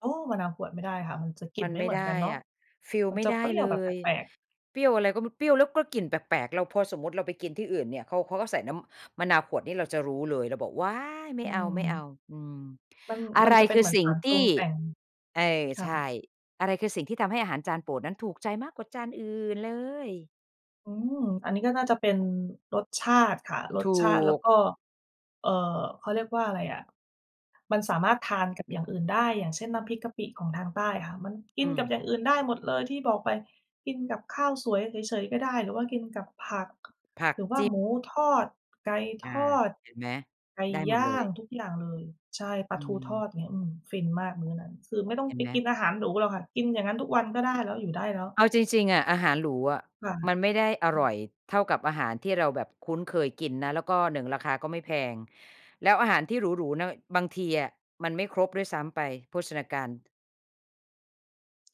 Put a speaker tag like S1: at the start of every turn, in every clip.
S1: โอ้ มะนาวขวดไม่ได้ค่ะ มันจะกลิ่
S2: มั
S1: น
S2: น
S1: ไม่
S2: ไม
S1: เ
S2: ่
S1: หมือ
S2: ไ
S1: น
S2: ด
S1: กั
S2: ้
S1: นเนาะ
S2: อะ ฟีล
S1: มัน
S2: ไม่
S1: จะ
S2: ได
S1: เป
S2: ้
S1: รี้ยว
S2: เล
S1: แบบแป
S2: ย
S1: ลก ๆ
S2: เปรี้ยวอะไรก็ ม เปรี้ยวแล้วก็กลิ่นแปลก ๆ เรา พอสมมุติเราไปกินที่อื่นเนี่ย เขา เขาก็ใส่น้ำมะนาวขวดนี่เราจะรู้เลย เราบอก "ว้าย ไม
S1: อ
S2: ่
S1: ื
S2: เอา
S1: ม
S2: ๆ" อืม
S1: มัน
S2: อะ
S1: มั
S2: ไร
S1: นจะเป็
S2: ค
S1: น
S2: ื
S1: เ
S2: อ
S1: หมือ
S2: ส
S1: น
S2: ิ่
S1: ส
S2: ง
S1: าร
S2: ท
S1: ปรุ
S2: ี่
S1: งแต่ง
S2: เออ
S1: ค
S2: ใ
S1: ่
S2: ช
S1: ะ
S2: ่ อะไรคือสิ่งที่ทำให้อาหารจานโปรดนั้นถูกใจมากกว่าจานอื่นเลย?
S1: อืม อันนี้ก็น่าจะเป็นรสชาติค่ะ ร
S2: ถ
S1: ส
S2: ู
S1: ชาติแล้ว
S2: ก
S1: ก็ เอ่อ เขาเรียกว่าอะไรอะ มันสามารถทานกับอย่างอื่นได้ อย่างเช่น น้ำพริกกะปิของทางใต้ค่ะ มัน กิ
S2: อื
S1: นกับ
S2: ม
S1: อย่างอื่นได้หมดเลยที่บอกไป กินกับข้าวสวยเฉย ๆ ก็ได้ หรือว่ากินกับผัก
S2: ผั
S1: ห
S2: ก
S1: รือว่า
S2: จิ้ม
S1: หมูทอด ไก่
S2: อ
S1: ท
S2: า
S1: อด
S2: เห็นไหม
S1: ไก่
S2: ได้
S1: ย
S2: หมดเ
S1: ่
S2: ล
S1: าง
S2: ย
S1: ทุกอย่างเลย ใช่ ปล
S2: อ
S1: าทูทอ
S2: ืม
S1: ด อย่างเงี้ย อืม ฟินมากมื้อนั้น คือไม่ต้อง
S2: เห็
S1: ไป
S2: นไหม?
S1: กินอาหารหรูหรอกค่ะ กินอย่างงั้นทุกวันก็ได้แล้ว อยู่ได้แล้ว
S2: เอาจริง ๆ อะ อาหารหรูอะ
S1: ค่
S2: มัน
S1: ะ
S2: ไม่ได้อร่อยเท่ากับอาหารที่เราแบบคุ้นเคยกินนะ แล้วก็ 1 ราคาก็ไม่แพง แล้วอาหารที่หรู ๆ นะ บางทีอะมันไม่ครบด้วยซ้ำไป โภชนาการ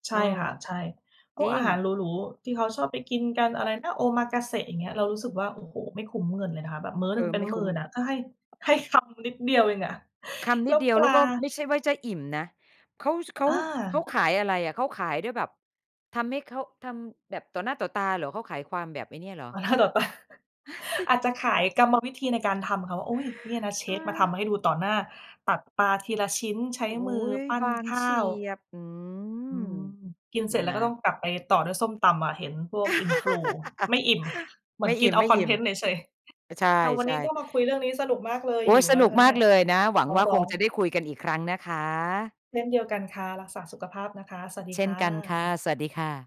S1: ใช่
S2: เออ
S1: ค่ะ ใช่ พ
S2: จ
S1: ว
S2: ร
S1: ก
S2: ิ
S1: อาหาร
S2: ง
S1: หรู ๆ ที่เขาชอบไปกินกันอะไรนะ Omakase อย่างเงี้ย เรารู้สึกว่า โอ้โฮ ไม่คุ้มเงินเลยค่ะ แบบมื้อ
S2: เ
S1: น
S2: อ
S1: ึ
S2: อ
S1: งเป็
S2: ไ
S1: น
S2: ม่
S1: หม
S2: ค
S1: ื่
S2: ุ้ม
S1: นอะ ก็ให้ ให้คำนิดเดียวเองอะ
S2: คำ
S1: แ
S2: น
S1: ล
S2: ิ
S1: ้
S2: ด
S1: ว
S2: เดียว
S1: ป
S2: แ
S1: ล
S2: ล้
S1: า
S2: วก็ไม่ใช่ว่าจะอิ่มนะ เขา ส เขา
S1: อ
S2: เขา
S1: า
S2: ขายอะไรอะ เขาขายด้วยแบบทำให้ เขาทำแบบต่อหน้าต่อตาเหรอ? เขาขายความแบบไอ้เนี่ยเหรอ?
S1: ต่อหน้าต่อ ตา อาจจะขายกรรมวิธีในการทำค่ะว่า "อุ๊ย เนี่ยนะเช
S2: อ
S1: ฟมาทำให้
S2: า
S1: ให้ดูต่อหน้า ตัดปลาทีละชิ้น ใช้
S2: โอ้โฮ
S1: มือ ปั้
S2: บ
S1: น
S2: าง
S1: ข
S2: เฉ
S1: ้า
S2: ี
S1: ว"
S2: ยบ อื
S1: อื
S2: ม
S1: ม กินเสร็จแล
S2: น
S1: ้วก็ต้อ
S2: ะ
S1: งกลับไปต่อด้วยส้มตำอะ เห็นพวก Influ ไม่อิ่ม เหมื
S2: ไม
S1: อ
S2: ่
S1: นก
S2: อ
S1: ินเอาคอน
S2: ิ่
S1: เท
S2: ม
S1: นต์เฉย
S2: ๆ ใช
S1: ๆ ค่ะ วันนี้
S2: ่
S1: ก็
S2: ๆ
S1: มาคุยเรื่องนี้สนุกมากเลย
S2: โอ๊
S1: ห
S2: ย
S1: ิว
S2: ส
S1: แล้ว
S2: น
S1: น
S2: ุก
S1: ะคะ
S2: ม
S1: เน
S2: า
S1: ี่
S2: ก
S1: ย
S2: เลยนะ หวั
S1: ท
S2: ง
S1: ้อ
S2: ว
S1: ง
S2: ่า
S1: ร
S2: ค
S1: ้อ
S2: งจะได
S1: ง
S2: ้คุยกันอีกครั้งนะคะ
S1: เช่นเดียวกันค่ะ รักษาสุขภาพนะคะ สวัสดี
S2: เช่
S1: ค
S2: น
S1: ่
S2: กันค่ะ
S1: ะ
S2: สวัสดีค่ะ